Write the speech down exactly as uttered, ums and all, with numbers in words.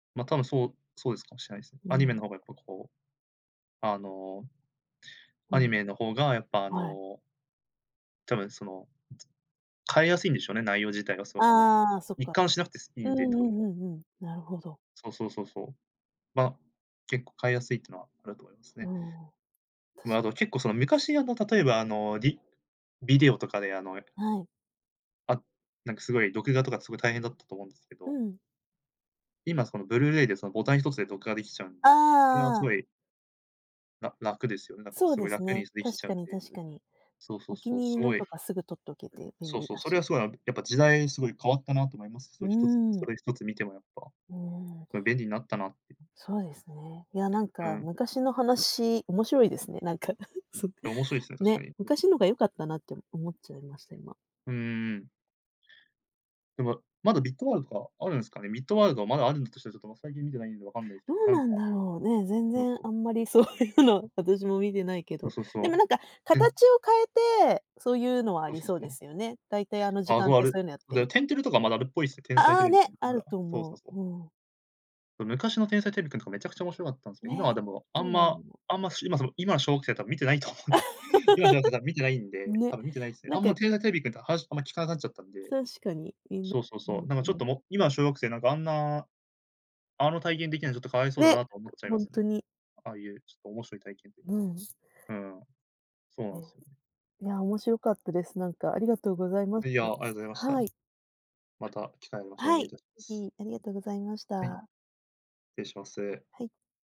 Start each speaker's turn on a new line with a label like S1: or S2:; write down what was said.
S1: ま、多分そう、そうですかもしれないすね。
S2: う
S1: アニメの
S2: ん。
S1: 方がやっぱこう。あの。
S2: う
S1: アニ
S2: ん。
S1: メの方が、やっぱあ
S2: はい。
S1: の多分、その。変えやすいんでしょうね、内容自体がそう、あの、
S2: ああ、そっ
S1: 一
S2: か、
S1: 貫しなくていい
S2: う
S1: ん
S2: ん
S1: で、多分。
S2: うんうんうん、なるほど。
S1: そうそうそうそう。ま、結構変えやすいっていうのはあると思います
S2: う
S1: ね。
S2: ん、
S1: ま、
S2: 確
S1: あ
S2: かに。
S1: と、結構その、昔あの、例えば、あの、ビビデオとかであの
S2: はい。
S1: あ、なんかすごい、録画とかすごい大変だったと思うんですけ
S2: う
S1: ど。
S2: ん。
S1: 今、その Blu-ray で、そのボタンひとつで録画できちゃうんで、それは
S2: あ
S1: す
S2: あ。
S1: ごいら楽ですよね、だから、
S2: そう
S1: す
S2: で
S1: ごい
S2: す
S1: 楽に
S2: ね、
S1: でき
S2: 確
S1: ちゃ
S2: か
S1: うん
S2: に
S1: で。
S2: 確かに。
S1: そうそ
S2: お
S1: う
S2: 気
S1: そう、
S2: に入
S1: す
S2: りの
S1: ごい
S2: とかすぐ録っとけて便
S1: そう
S2: 利
S1: そう、
S2: だ
S1: それ
S2: し。
S1: はすごいあやっぱ時代すごい変わったなと思います。そ
S2: う
S1: のひとつ、そ
S2: ん。
S1: れひとつ見てもやっぱ、
S2: うん。
S1: それ便利になったなっていう。
S2: そうですね、いや、なん
S1: う
S2: か
S1: ん。
S2: 昔の話面白いですね、なんか、そ
S1: いや、面白いすね、確か
S2: ね、
S1: に。
S2: 昔のが良かったなって思っちゃいました、今。
S1: うん。でも、まだミッドワールドとかあるんすかね。ミッドワールドはまだあるんだとしたら、ちょっと最近見てないんで分かんないです
S2: ど
S1: けど、
S2: う
S1: なん
S2: な
S1: か
S2: んだろうね、全
S1: そう
S2: 然
S1: そう。
S2: あんまりそういうの私も見てないけ
S1: そう
S2: ど、
S1: そう
S2: でも
S1: そ
S2: なんか
S1: う。うん。
S2: 形を変えて、そういうのはあ
S1: そう
S2: り
S1: そう
S2: そう
S1: そ
S2: で
S1: う。
S2: すよね。大体あの時
S1: あ、そ
S2: 間
S1: う
S2: っ
S1: あ
S2: て
S1: れ、
S2: そういうのやって
S1: で、
S2: る
S1: てんてれとかまだあるっぽいすね、天才
S2: あ、
S1: テ
S2: あ
S1: レビ、
S2: ねある
S1: [unintelligible]
S2: と
S1: そう
S2: 思
S1: そうそ
S2: う、
S1: う。
S2: うん。
S1: そ、昔の天才テレビくんとかめちゃくちゃ面白かったんすけど、今は
S2: ね、
S1: でも、あ
S2: どう
S1: ん
S2: なんだ
S1: ま、
S2: ろう。
S1: あんまし今その今の小学生はたぶん見てないと思う。今の小学生はた見てないん で、
S2: ね、
S1: たぶん見てないですね。
S2: な
S1: あ
S2: ん
S1: ん
S2: か
S1: ま天才テレビくんとは話あんま聞かなくなっちゃったんで。
S2: 確かに
S1: そうそうそう。なんかちょっ
S2: [unintelligible]
S1: とも今の小学生なんかあんなあの体験できないのはちょっと可哀そうだ
S2: ね、
S1: なと思っちゃい
S2: ほ
S1: ま
S2: ん
S1: すね。
S2: とに。
S1: ああいう、ちょっと面白い体験ってい
S2: うん。
S1: う。うん。そうな
S2: うん。
S1: んすよ。
S2: いや、面白かったです、なんか、ありがとうございまし
S1: いや、
S2: た。
S1: ありがとうございました。
S2: はい。
S1: また機会ありますお
S2: は
S1: 願い
S2: い、
S1: い
S2: ぜ
S1: たしす。
S2: ひ、ありがとうございまし
S1: はい。失
S2: た。
S1: 礼します。
S2: はい。